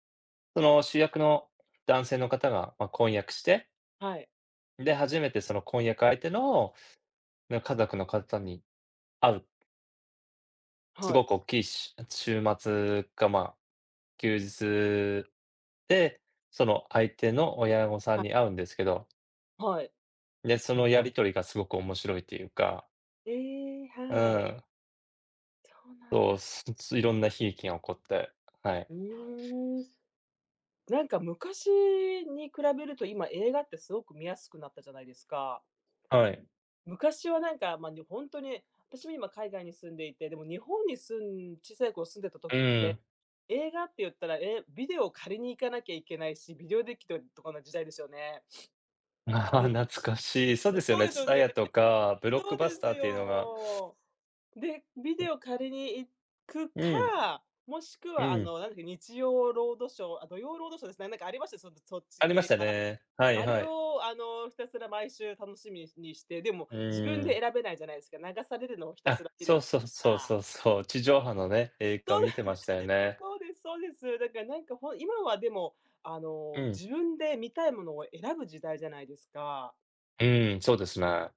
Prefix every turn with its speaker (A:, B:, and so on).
A: その主役の男性の方がま、婚約して
B: はい。
A: で、初めてその婚約相手のの家族の方に会う。す
B: はい。
A: ごくおっきいしゅあ、週末か、ま、休日で、その相手の親御さん
B: は
A: に会うんですけど。
B: はい。
A: で、そのやり取りがすごく面白いっていうか。
B: ええ、
A: う
B: はい。
A: ーん。
B: そうなん
A: そう、
B: だ。
A: すぶついろんな悲劇が起こって。はい。
B: うーん。なんか昔に比べると、今映画ってすごく見やすくなったじゃないですか。
A: はい。
B: 昔はなんか、まあね、ほんとに、私も今海外に住んでいて、でも日本に住ん小さい頃住んでた
A: う
B: 時っ
A: ー
B: て、
A: ん。
B: 映画って言ったら、え、ビデオを借りに行かなきゃいけないし、ビデオデッキととかの時代ですよね。
A: な
B: で。
A: 懐かしい。そう
B: え、
A: ですよ
B: そう
A: ね、
B: ですよね。
A: TSUTAYA とか、ブロッ
B: そ
A: ク
B: うで
A: バスタ
B: す
A: ーっていうのが
B: よ。で、ビデオ
A: [unintelligible]
B: 借りに行く
A: うん。
B: か、もしく
A: う
B: は、あ
A: ん。
B: の、なんだっけ、日曜ロードショー、あ、土曜ロードショーですね、なんかありました、その、そっち
A: ありまし
B: 系
A: た
B: が。
A: ね。はい
B: あれ
A: はい。
B: を、あの、ひたすら毎週楽しみにして、でも
A: う
B: 自分
A: ー
B: で
A: ん。
B: 選べないじゃないですか、流されるのをひたす
A: あ、
B: ら見る
A: そ
B: み
A: う
B: たい
A: そうそう
B: な。
A: そうそう、地上波のね、映
B: そ
A: 画
B: う。
A: 見てましたよ ね。
B: そうですそうです。だから、なんか、ほん今はでも、あ
A: う
B: の、
A: ん。
B: 自分で見たいものを選ぶ時代じゃないですか？
A: うーん、そうですね。